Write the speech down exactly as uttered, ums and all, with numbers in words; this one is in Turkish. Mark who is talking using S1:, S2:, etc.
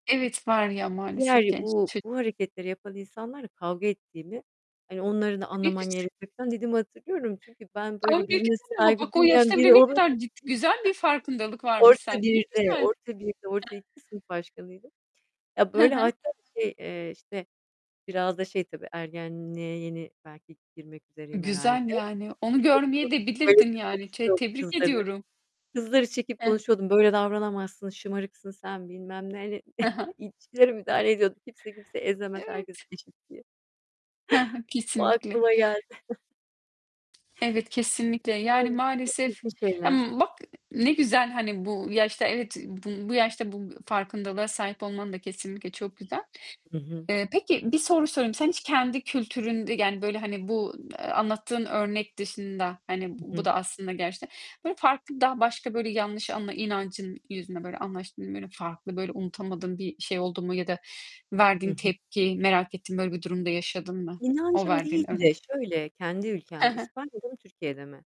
S1: Evet, var ya
S2: Diğer
S1: maalesef genç
S2: bu,
S1: ço
S2: bu hareketleri yapan insanlarla kavga ettiğini, hani onları da anlaman
S1: [unintelligible]
S2: gerekiyor falan dediğimi hatırlıyorum. Çünkü ben böyle birine
S1: [unintelligible]
S2: saygı
S1: bak o
S2: duymayan
S1: yaşta
S2: biri
S1: bile ne
S2: olun
S1: kadar cid güzel bir farkındalık varmış sende
S2: Orta
S1: ne
S2: birde
S1: güzel.
S2: orta birde orta iki sınıf başkanıydım. Ya
S1: Hı
S2: böyle
S1: hı.
S2: hatta şey, eee, işte biraz da şey tabii ergenliğe yeni belki girmek üzereyim herhâlde.
S1: Güzel yani, onu
S2: Şey
S1: görmeye
S2: yapıyordum,
S1: de bilirdin
S2: böylesi
S1: yani, te
S2: konuşuyordum
S1: tebrik
S2: kızları.
S1: ediyorum.
S2: Kızları çekip
S1: Heh.
S2: konuşuyordum. "Böyle davranamazsın, şımarıksın sen." bilmem neyle,
S1: He he.
S2: ilişkilere müdahale ediyordum. Kimse kimseyi ezemez herkes
S1: Evet.
S2: eşit diye.
S1: He he.
S2: O
S1: Kesinlikle.
S2: aklıma geldi.
S1: Evet kesinlikle
S2: Yani
S1: yani
S2: çok
S1: maalesef,
S2: çirkin şeyler.
S1: bak ne güzel hani bu yaşta evet bu bu yaşta bu farkındalığa sahip olman da kesinlikle çok güzel.
S2: Hı hı.
S1: Eee, peki bir soru sorayım. Sen hiç kendi kültüründe yani böyle hani bu anlattığın örnek dışında, hani
S2: Hı
S1: bu
S2: hı.
S1: da aslında gerçekten, böyle farklı daha başka böyle yanlış anla inancın yüzünden böyle anlaştın mı? Böyle farklı, böyle unutamadığın bir şey oldu mu ya da
S2: Hı
S1: verdiğin
S2: hı.
S1: tepki merak ettiğin böyle bir durumda yaşadın mı? O
S2: İnancım değil
S1: verdiğin
S2: de
S1: örnek
S2: şöyle, kendi
S1: Hı
S2: ülkemde
S1: hı.
S2: İspanya'da mı Türkiye'de mi?